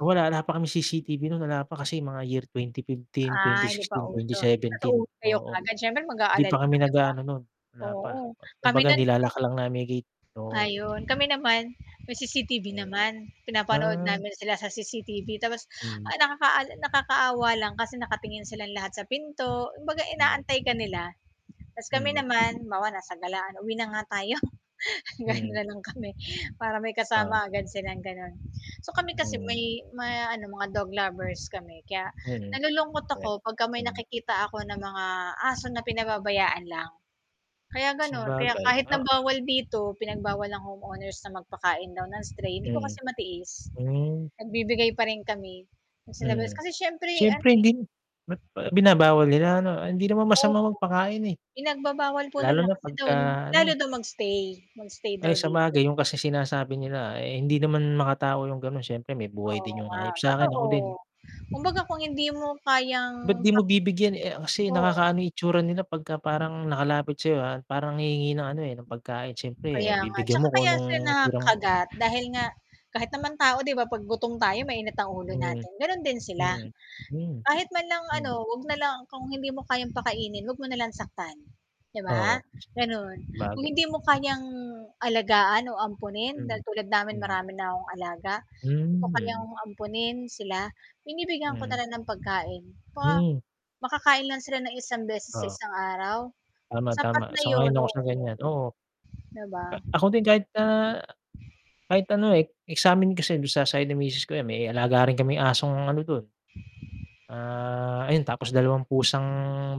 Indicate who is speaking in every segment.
Speaker 1: Wala, wala pa kaming CCTV no'n, wala pa kasi mga year twenty fifteen,
Speaker 2: Ay,
Speaker 1: twenty
Speaker 2: hindi pa
Speaker 1: sixteen, twenty
Speaker 2: uso
Speaker 1: seventeen,
Speaker 2: natulog kayo
Speaker 1: oo,
Speaker 2: kaagad syempre
Speaker 1: Hindi pa
Speaker 2: mag-aalala
Speaker 1: kami
Speaker 2: ka, 'di ba?
Speaker 1: nag-aano nun, wala pa,
Speaker 2: Oo, kami
Speaker 1: kumbaga
Speaker 2: nun
Speaker 1: nilo-lock lang namin yung gate oo.
Speaker 2: Ayun, kami naman may CCTV
Speaker 1: Oo,
Speaker 2: naman pinapanood
Speaker 1: ah.
Speaker 2: namin sila sa CCTV tapos
Speaker 1: Hmm.
Speaker 2: ay nakaka nakakaawa lang kasi nakatingin silang lahat sa pinto, kumbaga
Speaker 1: Hmm.
Speaker 2: inaantay ka nila, tapos kami
Speaker 1: Hmm.
Speaker 2: naman, halimbawa nasa galaan uwi na nga tayo ganon
Speaker 1: Mm.
Speaker 2: na lang kami para may
Speaker 1: Oo.
Speaker 2: kasama agad silang gano'n, so, kami kasi
Speaker 1: Hmm.
Speaker 2: may ma ano mga dog lovers kami kaya
Speaker 1: Mm.
Speaker 2: nalulungkot ako pagka may
Speaker 1: Hmm.
Speaker 2: nakikita ako na mga aso na pinababayaan lang, kaya ganun, kaya
Speaker 1: Sabagay,
Speaker 2: kahit na
Speaker 1: ah.
Speaker 2: bawal dito pinagbawal ng homeowners na magpakain daw ng stray, hindi ko
Speaker 1: Mm.
Speaker 2: kasi matiis,
Speaker 1: Hmm.
Speaker 2: nagbibigay pa rin kami sa labas
Speaker 1: Mm,
Speaker 2: kasi siyempre ano,
Speaker 1: syempre
Speaker 2: eh
Speaker 1: hindi ba't ba binabawal nila, ano, hindi naman masamang
Speaker 2: Opo.
Speaker 1: magpakain, eh.
Speaker 2: Pinagbabawal po
Speaker 1: Lalo
Speaker 2: nila
Speaker 1: na
Speaker 2: kasi daw
Speaker 1: pagka
Speaker 2: lalo
Speaker 1: ano.
Speaker 2: daw mag-stay, mag-stay daw
Speaker 1: Ay
Speaker 2: dito.
Speaker 1: sabagay yung kasi sinasabi nila, eh, hindi naman makatao yung ganon, syempre may buhay
Speaker 2: Oo
Speaker 1: din yung
Speaker 2: nga
Speaker 1: hayop sakin
Speaker 2: totoo,
Speaker 1: ako din.
Speaker 2: kumbaga kung hindi mo
Speaker 1: Ba't
Speaker 2: kayang
Speaker 1: di
Speaker 2: pa
Speaker 1: mo bibigyan, eh, kasi
Speaker 2: Oo.
Speaker 1: nakakaano itsura nila pagka parang nakalapit sayo, ah, parang hihingi ng ano, eh, ng pagkain syempre, eh,
Speaker 2: Kaya nga,
Speaker 1: bibigyan
Speaker 2: tsaka
Speaker 1: mo kung
Speaker 2: kaya sila
Speaker 1: anong tirang
Speaker 2: nakagat dahil nga kahit naman tao di ba pag gutom tayo mainit ang ulo
Speaker 1: Hmm,
Speaker 2: natin, ganon din sila,
Speaker 1: hmm. Hmm,
Speaker 2: kahit man lang ano,
Speaker 1: hmm.
Speaker 2: 'wag na lang kung hindi mo kayang pakainin huwag mo na lang saktan, di ba,
Speaker 1: Oo.
Speaker 2: ganon, kung
Speaker 1: Grabe.
Speaker 2: hindi mo kayang alagaan o ampunin
Speaker 1: Hmm,
Speaker 2: dahil tulad namin
Speaker 1: hmm.
Speaker 2: marami na akong alaga, di ko kayang
Speaker 1: Hmm.
Speaker 2: ampunin sila, binibigyan ko na
Speaker 1: Hmm.
Speaker 2: lang ng pagkain pa
Speaker 1: Mm.
Speaker 2: makakain lang sila ng isang beses sa
Speaker 1: Oo.
Speaker 2: isang araw
Speaker 1: Tama, tama
Speaker 2: sapat na
Speaker 1: sang-ayon
Speaker 2: yun
Speaker 1: ako
Speaker 2: oo.
Speaker 1: sa ganyan oo.
Speaker 2: 'Di ba?
Speaker 1: A ako din kahit na kahit ano, eh, eh, samin kasi don sa side ng misis ko yan may alaga rin kaming asong ano dun. Ah, ayun tapos 2 pusang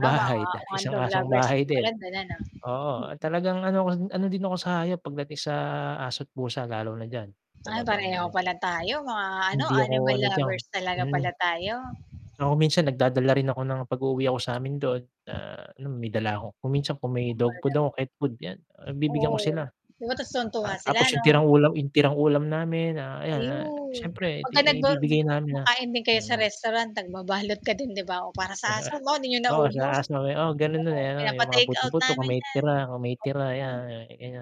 Speaker 2: Tama mga
Speaker 1: 1
Speaker 2: dog
Speaker 1: asong
Speaker 2: lovers.
Speaker 1: bahay din,
Speaker 2: [unintelligible]
Speaker 1: oo talagang ano ano din ako sa hayop pagdating sa aso't, pusa lalo na diyan
Speaker 2: Ay pareho
Speaker 1: talagang
Speaker 2: pala tayo, mga ano
Speaker 1: hindi
Speaker 2: animal
Speaker 1: ako ano diyan,
Speaker 2: lovers talaga
Speaker 1: hmm.
Speaker 2: pala tayo.
Speaker 1: Saka kung minsan nagdadala rin ako ng pag uuwi ako samin dun, na ano may dala ako kung minsan kung may dog food ako,
Speaker 2: [unintelligible]
Speaker 1: cat food, yan, ah, bibigyan ko sila.
Speaker 2: Oo, oo tas tuwang-tuwa
Speaker 1: At
Speaker 2: sila
Speaker 1: tapos yung
Speaker 2: ano?
Speaker 1: tirang ulam yung tirang ulam namin, ah, ayan, ah,
Speaker 2: Ayun
Speaker 1: syempre
Speaker 2: 'pag ka nag go
Speaker 1: ibibigay namin, ah,
Speaker 2: kumakain din kayo sa
Speaker 1: mm.
Speaker 2: restaurant nagbabalot ka din, 'di ba, o para sa aso mo hindi niyo
Speaker 1: Oo sa
Speaker 2: naubos
Speaker 1: aso, oo ganun
Speaker 2: oo,
Speaker 1: dun, eh, ano yung mga
Speaker 2: pinapa-take-out
Speaker 1: buto-buto kung
Speaker 2: namin
Speaker 1: may
Speaker 2: yan.
Speaker 1: tira kung may tira 'yan,
Speaker 2: Oo.
Speaker 1: ayan.